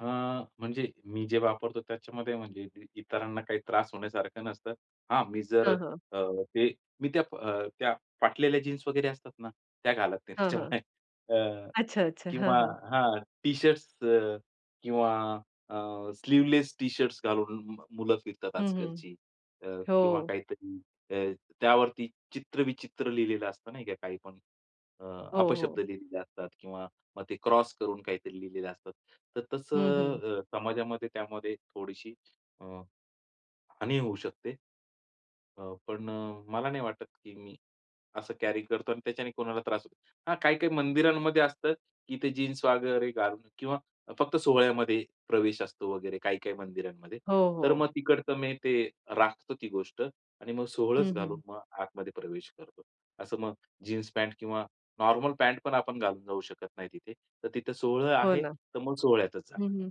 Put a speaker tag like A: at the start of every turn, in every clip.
A: अ, म्हणजे मी जे वापरतो त्याच्यामध्ये म्हणजे इत इतरांना काही त्रास होण्यासारखं नसतं. हां. मी जर
B: हां, हां.
A: अ, ते मी त्या अ, त्या फाटलेल्या जीन्स वगैरे असतात ना, त्या घालत नाही.
B: हां, हां.
A: त्याच्यामुळे अ,
B: अच्छा, अच्छा. हां,
A: किंवा
B: हां.
A: हां. टी-शर्ट्स अ, किंवा अ, स्लीव्हलेस टी-शर्ट्स घालून मुलं फिरतात
B: हं, हं.
A: आजकालची अ, किंवा
B: हो.
A: काहीतरी अ, त्यावरती चित्रविचित्र लिहिलेलं असतं नाही का काही पण. अ,
B: हो,
A: अपशब्द
B: हो.
A: लिहिलेले असतात किंवा मग ते क्रॉस करून काहीतरी लिहिलेले असतात. तर
B: हं, हं.
A: तसं अ, समाजामध्ये त्यामध्ये थोडीशी अ, हानी होऊ शकते. अ, पण अ, मला नाही वाटत की मी असं कॅरी करतो. आणि त्याच्याने कोणाला त्रास होतो. हां. काही-काही मंदिरांमध्ये असतं की ते जीन्स वगैरे घालून किंवा फक्त सोहळ्यामध्ये प्रवेश असतो, वगैरे काही-काही मंदिरांमध्ये.
B: हो,
A: तर
B: हो.
A: मग तिकडचं मी ते राखतो ती गोष्ट आणि मग सोवळंच
B: हं,
A: घालून
B: हं.
A: मग आतमध्ये प्रवेश करतो. असं मग जीन्स पॅन्ट किंवा नॉर्मल पॅन्ट पण आपण घालून जाऊ शकत नाही तिथे. तर तिथे सोहळं
B: हो
A: आहे,
B: ना.
A: तर मग सोहळ्यातच
B: हं,
A: जाणार.
B: हं.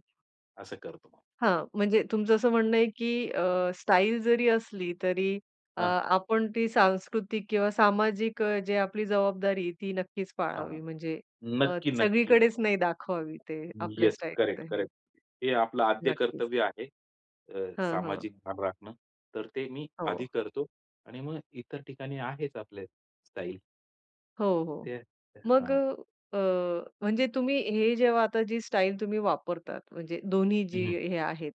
A: असं करतो मग.
B: हां. म्हणजे तुमचं असं म्हणणं आहे की अ, स्टाईल जरी असली तरी अ,
A: हां.
B: आपण ती सांस्कृतिक किंवा सामाजिक जे आपली जबाबदारी ती नक्कीच
A: हां, हां.
B: पाळावी. म्हणजे अ,
A: नक्की, नक्की.
B: सगळीकडेच नाही दाखवावी ते आपल्या
A: येस. करेक्ट,
B: स्टाईलचं हे.
A: करेक्ट. हे आपलं आद्य
B: नक्कीच.
A: कर्तव्य आहे. अ,
B: हां, हां.
A: सामाजिक भान राखणं. तर ते मी आधी
B: हो.
A: करतो. आणि मग इतर ठिकाणी आहेच आपले स्टाईल.
B: हो, हो.
A: ते
B: मग
A: हां.
B: अ, अ, म्हणजे तुम्ही हे जेव्हा आता जी स्टाईल तुम्ही वापरतात म्हणजे दोन्ही जी
A: हं, हं.
B: हे आहेत,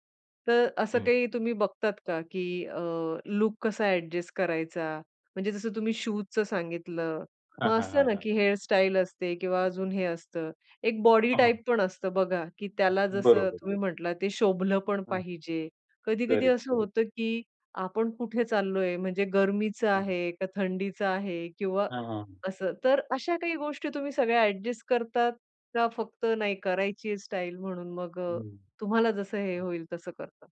B: तर असं
A: हं.
B: काही तुम्ही बघतात का की अ, लूक कसा ॲडजस्ट करायचा? म्हणजे जसं तुम्ही शूजचं सांगितलं,
A: हां,
B: मग
A: हां,
B: असं
A: हां,
B: ना
A: हां.
B: की हेअर स्टाईल असते किंवा अजून हे असतं. एक बॉडी
A: हां.
B: टाइप पण असतं बघा की त्याला जसं
A: बरोबर,
B: तुम्ही
A: बरोबर.
B: म्हटलात, ते शोभलं पण
A: हां.
B: पाहिजे. कधी-कधी
A: करेक्ट,
B: असं
A: करेक्ट.
B: होतं की आपण कुठे चाललोय म्हणजे गरमीचं
A: हं.
B: आहे का थंडीचं आहे किंवा
A: हां, हां, हां.
B: असं, तर अशा काही गोष्टी तुम्ही सगळ्या ॲडजस्ट करतात का फक्त नाही करायची आहे स्टाईल म्हणून मग अ,
A: हं.
B: तुम्हाला जसं हे
A: हं.
B: होईल तसं करतात?